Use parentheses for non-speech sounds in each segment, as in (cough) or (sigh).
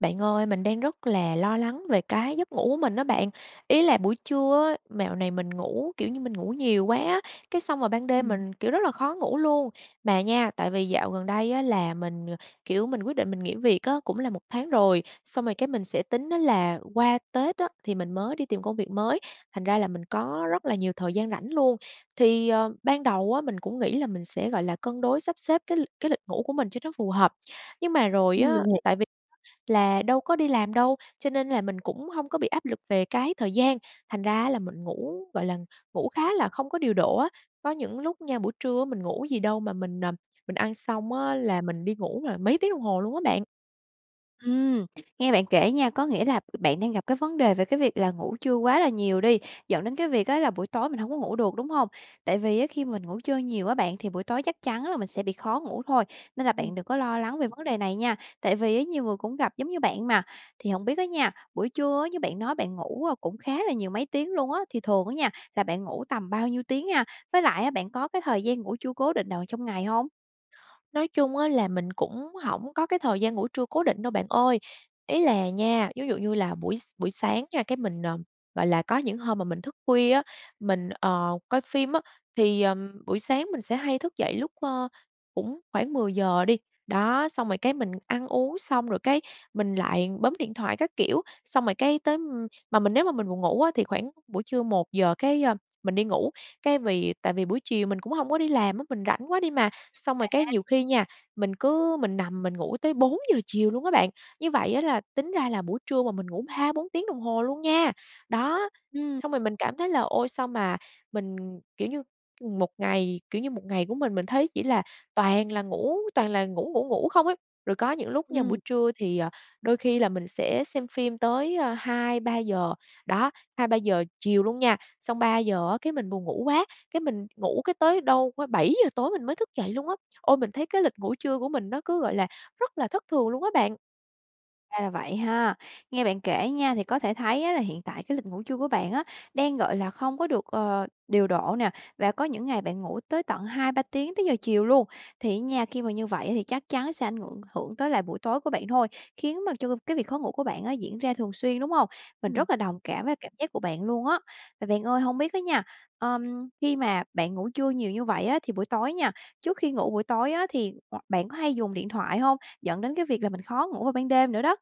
Bạn ơi, mình đang rất là lo lắng về cái giấc ngủ của mình á bạn, ý là buổi trưa á, mẹo này mình ngủ, kiểu như, mình ngủ nhiều quá á, cái xong rồi ban đêm Ừm. mình, kiểu, rất là khó ngủ luôn. Mà nha, tại vì dạo gần đây á là mình, kiểu, mình quyết định mình nghỉ việc á, cũng là 1 tháng rồi, xong rồi cái mình sẽ tính á là qua Tết á, thì mình mới đi tìm công việc mới, thành ra là mình có rất là nhiều thời gian rảnh luôn. Thì, ờ, ban đầu á, mình cũng nghĩ là mình sẽ, gọi là, cân đối sắp xếp cái l cái lịch ngủ của mình cho nó phù hợp, nhưng mà rồi Ừm, á, mình hiể tại vì là đâu có đi làm đâu, cho nên là mình cũng hông có bị áp lực về cái thời gian, thành ra á là mình ngủ, gọi là, ngủ khá là không có điều độ á, có những lúc nha, buổi trưa á mình ngủ gì đâu mà mình, à, mình ăn xong á là mình đi ngủ là mấy tiếng đồng hồ luôn á bạn. Ừm. Nghe bạn kể nha, có nghĩa là bạn đang gặp cái vấn đề về cái việc là ngủ trưa quá là nhiều đi, dẫn đến cái việc á là buổi tối mình hông có ngủ được, đúng hông? Tại vì á khi mình ngủ trưa nhiều á bạn, thì buổi tối chắc chắn là mình sẽ bị khó ngủ thôi, nên là bạn Ừm. đừng có lo lắng về vấn đề này nha, tại vì á nhiều người cũng gặp giống như bạn mà. Thì hổng biết á nha, buổi trưa á, như bạn nói bạn ngủ cũng khá là nhiều, mấy tiếng luôn á, thì thường á nha là bạn ngủ tầm bao nhiêu tiếng ha? Với lại á bạn có cái thời gian ngủ trưa cố định nào trong ngày hông? Nói chung á là mình cũng hổng có cái thời gian ngủ trưa cố định đâu bạn ơi. Ý là nha, vú dụ như là buổi s buổi sáng nha, cái mình, ờ, gọi là, có những hôm mà mình thức khuya á, mình, ờ, coi phim á, thì, ờm, buổi sáng mình sẽ hay thức dậy lúc, ơ, cũng khoảng 10 giờ đi. Đó, xong rồi, cái, mình ăn uống xong rồi, cái, mình lại bấm điện thoại các kiểu, xong rồi, cái, tới ưm, mà mình nếu mà mình buồn ngủ á thì khoảng buổi trưa 1 giờ, cái, ơ, mình đi ngủ. Cái, vì tại vì buổi chiều mình cũng hông có đi làm á, mình rảnh quá đi mà. Xong rồi, cái, À. nhiều khi nha, mình cứ mình nằm mình ngủ tới 4 giờ chiều luôn á bạn. Như vậy á là tính ra là buổi trưa mà mình ngủ 3-4 tiếng đồng hồ luôn nha. Đó, Ừm. xong rồi mình cảm thấy là: "Ôi, sao mà mình, kiểu như, ừm, một ngày, kiểu như, một ngày của mình mình thấy chỉ là toàn là ngủ toàn là ngủ ngủ ngủ không ấy?" Rồi có những lúc nha, buổi Ừm. trưa thì, ờ, đôi khi là mình sẽ xem phim tới, a, 2-3 giờ, đó, 2-3 giờ chiều luôn nha, xong 3 giờ á, cái, mình buồn ngủ quá, cái, mình ngủ, cái, tới đâu, ơ, 7 giờ tối mình mới thức dậy luôn á. Ôi, mình thấy cái lịch ngủ trưa của mình nó cứ, gọi là, rất là thất thường luôn á bạn. Ra là vậy ha. Nghe bạn kể nha, thì có thể thấy á là hiện tại cái lịch ngủ trưa của bạn á, đang, gọi là, không có được, ờ, điều độ nè và có những ngày bạn ngủ tới tận 2-3 tiếng tới giờ chiều luôn, thì á nha, khi mà như vậy ấy thì chắc chắn sẽ ảnh ngượng hưởng tới lại buổi tối của bạn thôi, khiến mà cho cô cái việc khó ngủ của bạn á diễn ra thường xuyên, đúng hông? Mình Ừm. rất là đồng cảm với cảm giác của bạn luôn á. Mà bạn ơi, hông biết á nha, ờm, khi mà bạn ngủ trưa nhiều như vậy á, thì buổi tối nha, trước khi ngủ buổi tối á thì ngoặc bạn có hay dùng điện thoại hông, dẫn đến cái việc là mình khó ngủ vào ban đêm nữa đó?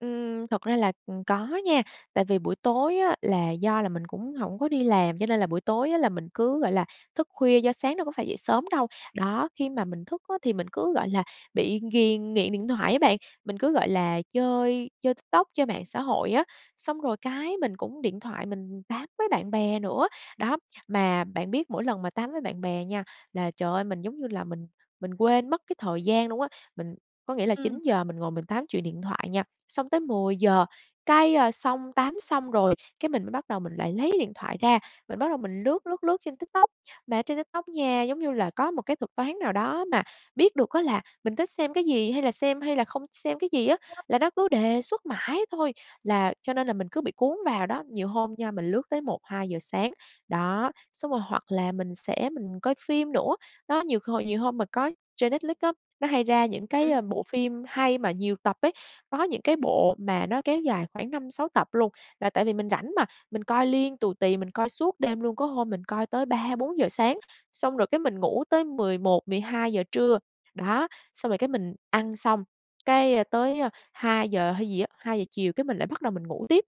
Ừm, thật ra là, ừm, có nha, tại vì buổi tối á là do là mình cũng hổng có đi làm, cho nên là buổi tối á là mình cứ, gọi là, thức khuya do sáng đâu có phải dậy sớm đâu. Đó, khi mà mình thức á, thì mình cứ, gọi là, bị ghiền nghiện điện thoại á bạn, mình cứ, gọi là, chơi chơi TikTok, chơi mạng xã hội á, xong rồi cái, mình cũng điện thoại mình tám với bạn bè nữa, đó, mà bạn biết mỗi lần mà tám với bạn bè nha là trời ơi, mình giống như là mình mình quên mất cái thời gian luôn á. Mình có nghĩa là Ừm. 9 giờ mình ngồi mình tám chuyện điện thoại nha, xong tới 10 giờ, cái, ờ, xong tám xong rồi, cái, mình mới bắt đầu mình lại lấy điện thoại ra, mình bắt đầu mình lướt, lướt, lướt trên TikTok, mà trên TikTok nha, giống như là có một cái thuật toán nào đó mà biết được á là mình thích xem cái gì, hay là xem hay là không xem cái gì á, là nó cứ đề xuất mãi thôi, là cho nên là mình cứ bị cuốn vào đó. Nhiều hôm nha, mình lướt tới 1-2 giờ sáng, đó, xong rồi hoặc là mình sẽ mình coi phim nữa. Đó, nhiều hồi nhiều hôm mà có trên Netflix á, nó hay ra những cái, Ừm. ờ, bộ phim hay mà nhiều tập ấy, có những cái bộ mà nó kéo dài khoảng 5-6 tập luôn, là tại vì mình rảnh mà, mình coi liên tù tì, mình coi suốt đêm luôn, có hôm mình coi tới 3-4 giờ sáng, xong rồi cái mình ngủ tới 11-12 giờ trưa, đó, xong rồi cái mình ăn xong, cái tới 2 giờ hay gì á 2 giờ chiều, cái mình lại bắt đầu mình ngủ tiếp,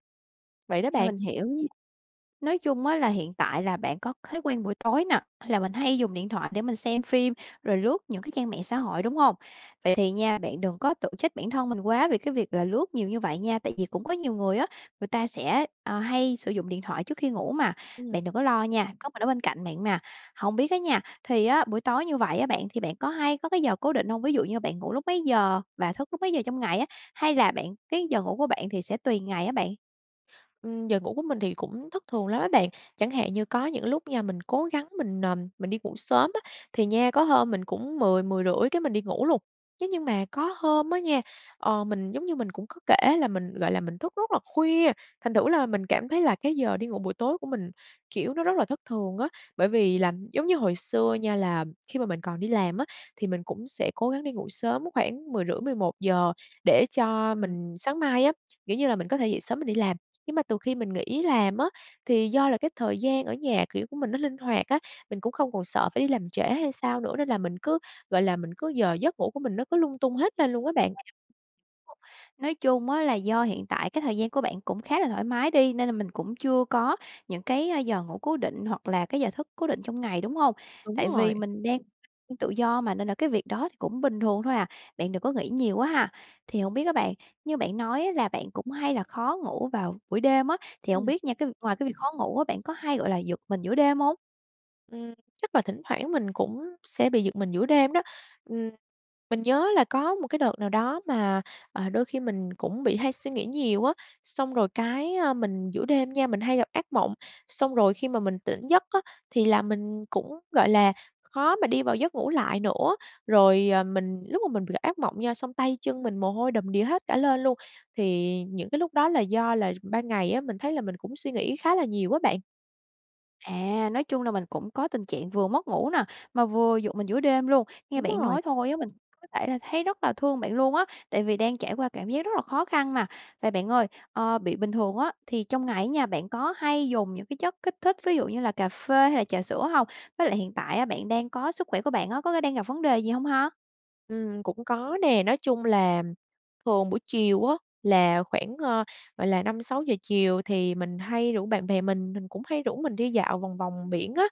vậy đó A, bạn. mình hiểu nh nói chung á là hiện tại là bạn có thói quen buổi tối nè, hay là mình hay dùng điện thoại để mình xem phim, rồi lướt những cái trang mạng xã hội, đúng hông? Vậy thì nha, bạn đừng có tự trách bản thân mình quá vì cái việc là lướt nhiều như vậy nha, tại vì cũng có nhiều người á, người ta sẽ, ờ, hay sử dụng điện thoại trước khi ngủ mà, Ừm. bạn đừng có lo nha, có mình ở bên cạnh bạn mà. Hông biết á nha, thì á buổi tối như vậy á bạn thì bạn có hay có cái giờ cố định hông, ví dụ như bạn ngủ lúc mấy giờ và thức lúc mấy giờ trong ngày á, hay là bạn cái giờ ngủ của bạn thì sẽ tùy ngày á bạn? Ừm, giờ ngủ của mình thì cũng thất thường lắm á bạn, chẳng hạn như có những lúc nha mình cố gắng mình, ờm, mình đi ngủ sớm á, thì nha có hôm mình cũng 10:00-10:30 cái mình đi ngủ luôn. Thế nhưng mà có hôm á nha, ờ, mình giống như mình cũng có kể là mình, gọi là, mình thức rất là khuya, thành thử là mình cảm thấy là cái giờ đi ngủ buổi tối của mình, kiểu, nó rất là thất thường á, bởi vì là giống như hồi xưa nha là khi mà mình còn đi làm á thì mình cũng sẽ cố gắng đi ngủ sớm khoảng 10:30-11:00 để cho Ừm. mình sáng mai á, kiểu như là, mình có thể dậy sớm mình đi làm. Nhưng mà từ khi mình nghỉ làm á thì do là cái thời gian ở nhà, kiểu, của mình nó linh hoạt á, mình cũng không còn sợ phải đi làm trễ hay sao nữa, nên là mình cứ, gọi là, mình cứ giờ giấc ngủ của mình nó cứ lung tung hết lên luôn á bạn. À, nói chung á là do hiện tại cái thời gian của bạn cũng khá là thoải mái đi, nên là mình cũng chưa có những cái giờ ngủ cố định hoặc là cái giờ thức cố định trong ngày, đúng hông? Đúng Tại rồi. vì mình đang, (unintelligible) tự do mà nên là cái việc đó thì cũng bình thường thôi à, bạn đừng có nghĩ nhiều quá ha. Thì hổng biết á bạn, như bạn nói á là bạn cũng hay là khó ngủ vào buổi đêm á, thì hông Ừm. biết nha cái vi ngoài cái việc khó ngủ á, bạn có hay, gọi là, giật mình giữa đêm hông? Ừm, chắc là thỉnh thoảng mình cũng sẽ bị giật mình giữa đêm đó, ừm, mình nhớ là có một cái đợt nào đó mà, ờ, đôi khi mình cũng bị hay suy nghĩ nhiều á, xong rồi cái, ờ, mình giữa đêm nha, mình hay gặp ác mộng, xong rồi khi mà mình tỉnh giấc á, thì là mình cũng, gọi là, khó mà đi vào giấc ngủ lại nữa. Rồi, ờ, mình lúc mà mình gặp ác mộng nha, xong tay chân mình mồ hôi đầm đìa hết cả lên luôn, thì những cái lúc đó là do là ban ngày á, mình thấy là mình cũng suy nghĩ khá là nhiều á bạn. À, nói chung là mình cũng có tình trạng vừa mất ngủ nè, mà vừa giật mình giữa đêm luôn, nghe Đúng bạn rồi. nói thôi á mình có thể là thấy rất là thương bạn luôn á, tại vì đang trải qua cảm giác rất là khó khăn mà. Vậy bạn ơi, ờ, bị bình thường á, thì trong ngày á nha bạn có hay dùng những cái chất kích thích ví dụ như là cà phê hay là trà sữa hông? Với lại hiện tại á, bạn đang có sức khỏe của bạn á, có cái đang gặp vấn đề gì hông ha? Ừm, cũng có nè, nói chung là thường buổi chiều á, là khoảng, ờ, gọi là, 5:00-6:00 chiều thì mình hay rủ bạn bè mình, mình cũng hay rủ mình đi dạo vòng vòng biển á.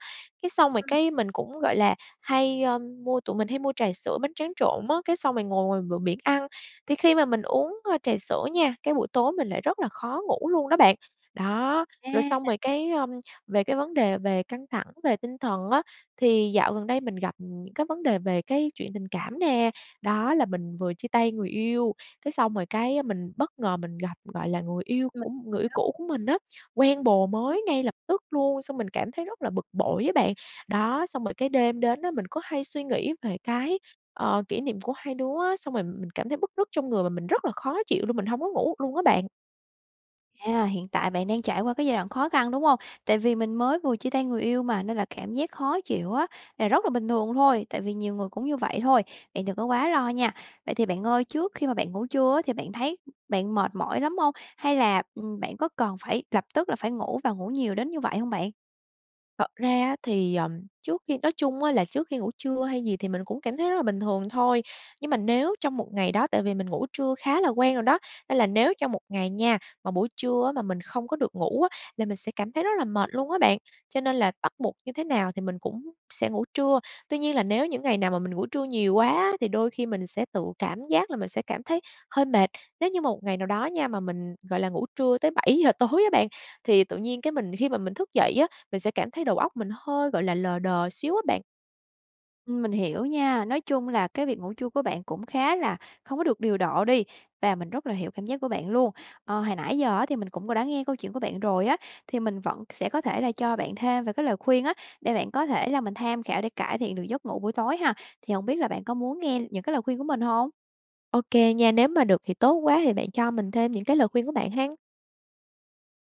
Cái xong rồi Ừm. cái mình cũng, gọi là, hay, ơm, mua tụi mình hay mua trà sữa, bánh tráng trộn á, cái xong rồi ngồi ngoài bờ biển ăn, thì khi mà mình uống, a, trà sữa nha, cái buổi tối mình lại rất là khó ngủ luôn đó bạn. Đó, A, rồi xong à! rồi cái, ơm, về cái vấn đề về căng thẳng về tinh thần á, thì dạo gần đây mình gặp những cái vấn đề về cái chuyện tình cảm nè, đó là mình vừa chia tay người yêu, cái xong rồi cái mình bất ngờ mình gặp, gọi là, người yêu của Mình m người yêu hiểu. cũ của mình á, quen bồ Ừm. mới ngay lập tức luôn, xong mình cảm thấy rất là bực bội á bạn. Đó, xong rồi cái đêm đến á, mình cứ hay suy nghĩ về cái, ờ, kỷ niệm của hai đứa á, xong rồi mình cảm thấy bứt rứt trong người và mình rất là khó chịu luôn, mình hông có ngủ được luôn á bạn. À, hiện tại bạn đang trải qua cái giai đoạn khó khăn, đúng hông? Tại vì mình mới vừa chia tay người yêu mà, nên là cảm giác khó chịu á là rất là bình thường thôi, tại vì nhiều người cũng như vậy thôi, bạn đừng có quá lo nha! Vậy thì bạn ơi, trước khi mà bạn ngủ trưa á thì bạn thấy bạn mệt mỏi lắm hông? Hay là, ừm, bạn có cần phải lập tức là phải ngủ và ngủ nhiều đến như vậy hông bạn? Thật ra á thì, ờm, trước khi nói chung á là trước khi ngủ trưa hay gì thì mình cũng cảm thấy rất là bình thường thôi, nhưng mà nếu trong một ngày đó tại vì mình ngủ trưa khá là quen rồi đó, nên là nếu trong một ngày nha, mà buổi trưa á mà mình không có được ngủ á, là mình sẽ cảm thấy rất là mệt luôn á bạn, cho nên là bắt buộc như thế nào thì mình cũng sẽ ngủ trưa. Tuy nhiên là nếu những ngày nào mà mình ngủ trưa nhiều quá á, thì đôi khi mình sẽ tự cảm giác là mình sẽ cảm thấy hơi mệt. Nếu như mà một ngày nào đó nha, mà mình, gọi là, ngủ trưa tới 7 giờ tối á bạn, thì tự nhiên cái mình khi mà mình thức dậy á, mình sẽ cảm thấy đầu óc mình hơi, gọi là, lờ đờ xíu á bạn. Ừm, mình hiểu nha, nói chung là cái việc ngủ trưa của bạn cũng khá là không có được điều độ đi và mình rất là hiểu cảm giác của bạn luôn. Ờ, hồi nãy giờ á thì mình cũng có đã nghe câu chuyện của bạn rồi á, thì mình vẫn sẽ có thể là cho bạn thêm về cái lời khuyên á, để bạn có thể là mình tham khảo để cải thiện được giấc ngủ buổi tối ha, thì hổng biết là bạn có muốn nghe những cái lời khuyên của mình hông? Ô kê nha, nếu mà được thì tốt quá, thì bạn cho mình thêm những cái lời khuyên của bạn ha.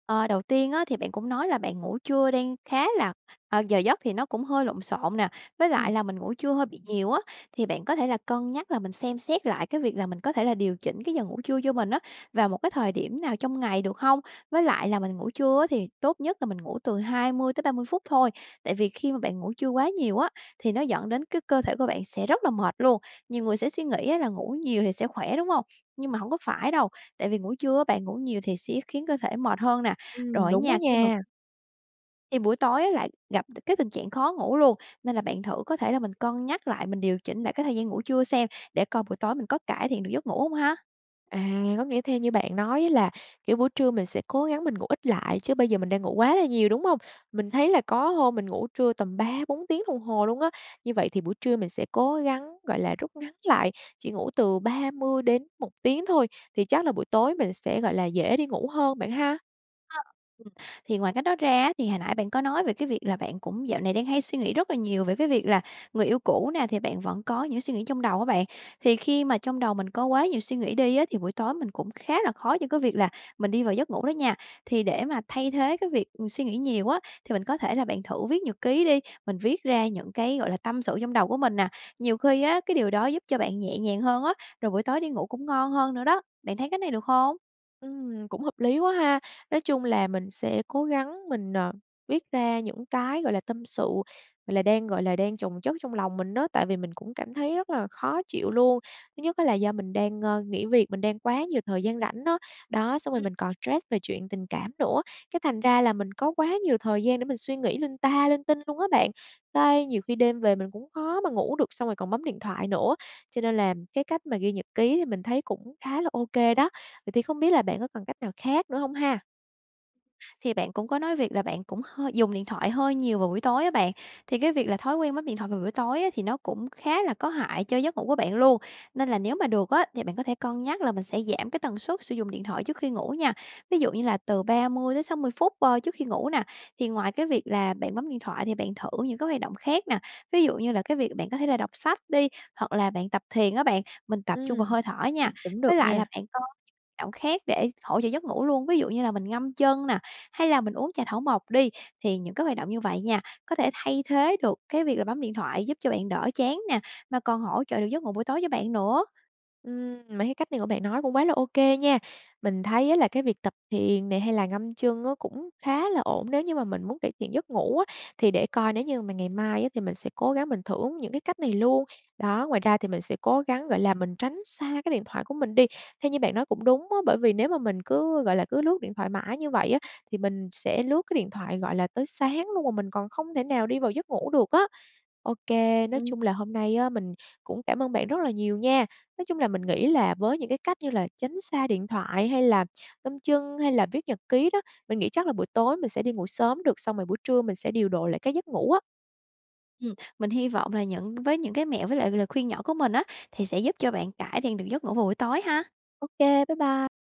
Ờ, đầu tiên á, thì bạn cũng nói là bạn ngủ trưa đang khá là ờ, giờ giấc thì nó cũng hơi lộn xộn nè, với lại Ừm. là mình ngủ trưa hơi bị nhiều á, thì bạn có thể là cân nhắc là mình xem xét lại cái việc là mình có thể là điều chỉnh cái giờ ngủ trưa cho mình á, vào một cái thời điểm nào trong ngày được hông? Với lại là mình ngủ trưa á, thì tốt nhất là mình ngủ từ 20 tới 30 phút thôi. Tại vì khi mà bạn ngủ trưa quá nhiều á, thì nó dẫn đến cái cơ thể của bạn sẽ rất là mệt luôn. Nhiều người sẽ suy nghĩ á, là ngủ nhiều thì sẽ khỏe, đúng hông? Nhưng mà hông có phải đâu. Tại vì ngủ trưa á, bạn ngủ nhiều thì sẽ khiến cơ thể mệt hơn nè. Ừm, Rồi á đúng á nha khi mà nha. Thì buổi tối á, lại gặp c cái tình trạng khó ngủ luôn, nên là bạn thử có thể là mình cân nhắc lại, mình điều chỉnh lại cái thời gian ngủ trưa xem, để coi buổi tối mình có cải thiện được giấc ngủ không ha? À, có nghĩa theo như bạn nói á, là, kiểu, buổi trưa mình sẽ cố gắng mình ngủ ít lại, chứ bây giờ mình đang ngủ quá là nhiều, đúng hông? Mình thấy là có hôm mình ngủ trưa tầm 3, 4 tiếng đồng hồ luôn á. Như vậy thì buổi trưa mình sẽ cố gắng, gọi là, rút ngắn lại, chỉ ngủ từ 30 đến 1 tiếng thôi. Thì chắc là buổi tối mình sẽ, gọi là, dễ đi ngủ hơn bạn ha? Ha, ừm, thì ngoài cách đó ra á, thì hồi nãy bạn có nói về cái việc là bạn cũng dạo này đang hay suy nghĩ rất là nhiều về cái việc là người yêu cũ nè, thì bạn vẫn có những cái suy nghĩ trong đầu á bạn, thì khi mà trong đầu mình có quá nhiều suy nghĩ đi á, thì buổi tối mình cũng khá là khó cho cái việc là mình đi vào giấc ngủ đó nha. Thì để mà thay thế cái việc, ừm, suy nghĩ nhiều á, thì mình có thể là bạn thử viết nhật ký đi, mình viết ra những cái, gọi là, tâm sự trong đầu của mình nè, nhiều khi á cái điều đó giúp cho bạn nhẹ nhàng hơn á, rồi buổi tối đi ngủ cũng ngon hơn nữa đó, bạn thấy cái này được hông? Ừm, cũng hợp lý quá ha! Nói chung là mình sẽ cố gắng mình, ờ, viết ra những cái, gọi là, tâm sự, gọi là, đang, gọi là, đang chồng chất trong lòng mình á, tại vì mình cũng cảm thấy rất là khó chịu luôn. Thứ nhất á là do mình đang, ơ, nghỉ việc, mình đang quá nhiều thời gian rảnh á, đó, xong rồi Ừm. mình còn stress về chuyện tình cảm nữa, cái thành ra là mình có quá nhiều thời gian để mình suy nghĩ linh ta linh tinh luôn á bạn. Cái nhiều khi đêm về mình cũng khó mà ngủ được, xong rồi còn bấm điện thoại nữa, cho nên là cái cách mà ghi nhật ký thì mình thấy cũng khá là ô kê đó. Vậy thì không biết là bạn có còn cách nào khác nữa hông ha? Thì bạn cũng có nói việc là bạn cũng hơi dùng điện thoại hơi nhiều vào buổi tối á bạn, thì cái việc là thói quen bấm điện thoại vào buổi tối á, thì nó cũng khá là có hại cho giấc ngủ của bạn luôn, nên là nếu mà được á, thì bạn có thể cân nhắc là mình sẽ giảm cái tần suất sử dụng điện thoại trước khi ngủ nha, ví dụ như là từ 30-60 phút, ơ, trước khi ngủ nè. Thì ngoài cái việc là bạn bấm điện thoại thì bạn thử những cái hoạt động khác nè, ví dụ như là cái việc bạn có thể là đọc sách đi, hoặc là bạn tập thiền á bạn, mình tập trung vào Ừm, hơi thở nha. cũng được Với lại là nha. bạn có động khác để hỗ trợ giấc ngủ luôn, ví dụ như là mình ngâm chân nè hay là mình uống trà thảo mộc đi, thì những cái hoạt động như vậy nha có thể thay thế được cái việc là bấm điện thoại, giúp cho bạn đỡ chán nè, mà còn hỗ trợ được giấc ngủ buổi tối cho bạn nữa. Ừm, mấy cái cách này của bạn nói cũng quá là ô kê nha. Mình thấy á, là cái việc tập thiền nè hay là ngâm chân á cũng khá là ổn, nếu như mà mình muốn cải thiện giấc ngủ á, thì để coi nếu như mà ngày mai á, thì mình sẽ cố gắng mình thưởng những cái cách này luôn. Đó, ngoài ra thì mình sẽ cố gắng, gọi là, mình tránh xa cái điện thoại của mình đi, theo như bạn nói cũng đúng á, bởi vì nếu mà mình cứ, gọi là, cứ lướt điện thoại mãi như vậy á, thì mình sẽ lướt cái điện thoại, gọi là, tới sáng luôn, mà mình còn không thể nào đi vào giấc ngủ được á. Ô kê, nói Ừm. chung là hôm nay á, mình cũng cảm ơn bạn rất là nhiều nha, nói chung là mình nghĩ là với những cái cách như là tránh xa điện thoại hay là ngâm chân, hay là viết nhật ký đó, mình nghĩ chắc là buổi tối mình sẽ đi ngủ sớm được, xong rồi buổi trưa mình sẽ điều độ lại cái giấc ngủ á. Ừm, mình hy vọng là những với những cái mẹo với lại lời khuyên nhỏ của mình á, thì sẽ giúp cho bạn cải thiện được giấc ngủ vào buổi tối ha. Ô kê, bye bye.